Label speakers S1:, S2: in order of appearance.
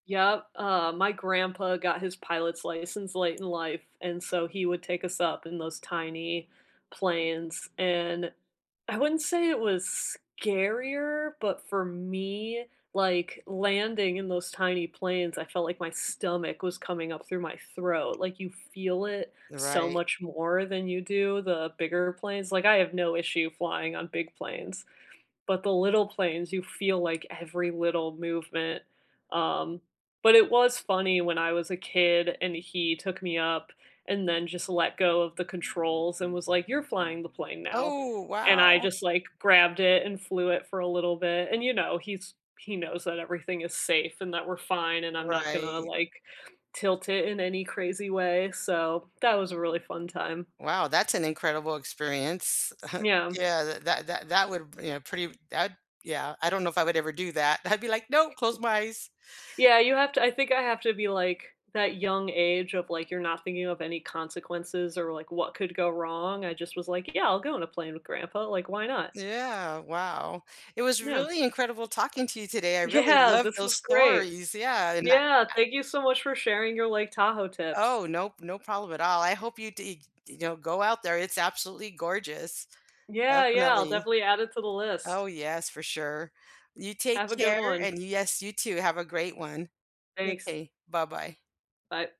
S1: Yep. Uh, my grandpa got his pilot's license late in life, and so he would take us up in those tiny planes, and I wouldn't say it was scarier, but for me, like, landing in those tiny planes, I felt like my stomach was coming up through my throat, like, you feel it so
S2: Right.
S1: much more than you do the bigger planes like, I have no issue flying on big planes, but the little planes, you feel, like, every little movement. Um, but it was funny when I was a kid, and he took me up, and then just let go of the controls, and was like, "You're flying the plane now,"
S2: Oh,
S1: and I
S2: wow.
S1: just, like, grabbed it and flew it for a little bit, and you know, he's he knows that everything is safe, and that we're fine, and I'm not gonna,
S2: Right.
S1: like, tilt it in any crazy way, so, that was a really fun time.
S2: Wow, that's an incredible experience.
S1: Yeah.
S2: Yeah, that that that would p you know, pretty that'd yeah. I don't know if I would ever do that. I'd be like, "No. Close my eyes."
S1: Yeah, you have to I think I have to be, like, that young age of, like, you're not thinking of any consequences, or, like, what could go wrong. I just was, like, "Yeah, I'll go on a plane with grandpa," like, "Why not?"
S2: Yeah, wow. It was
S1: Yeah.
S2: really incredible talking to you today, I really
S1: Yeah,
S2: love
S1: this
S2: those
S1: was great
S2: stories, yeah, and that
S1: Yeah,
S2: tha
S1: thank you so much for sharing your Lake Tahoe tips.
S2: Oh, no p no problem at all. I hope you deeg you know, go out there, it's absolutely gorgeous.
S1: Yeah, yeah, I'll
S2: Definitely
S1: definitely add it to the
S2: Oh,
S1: list.
S2: yes, for sure. You take
S1: Have a good
S2: care,
S1: one.
S2: and Yes, you too, have a great one.
S1: Thanks.
S2: M'kay, bye bye.
S1: Bye.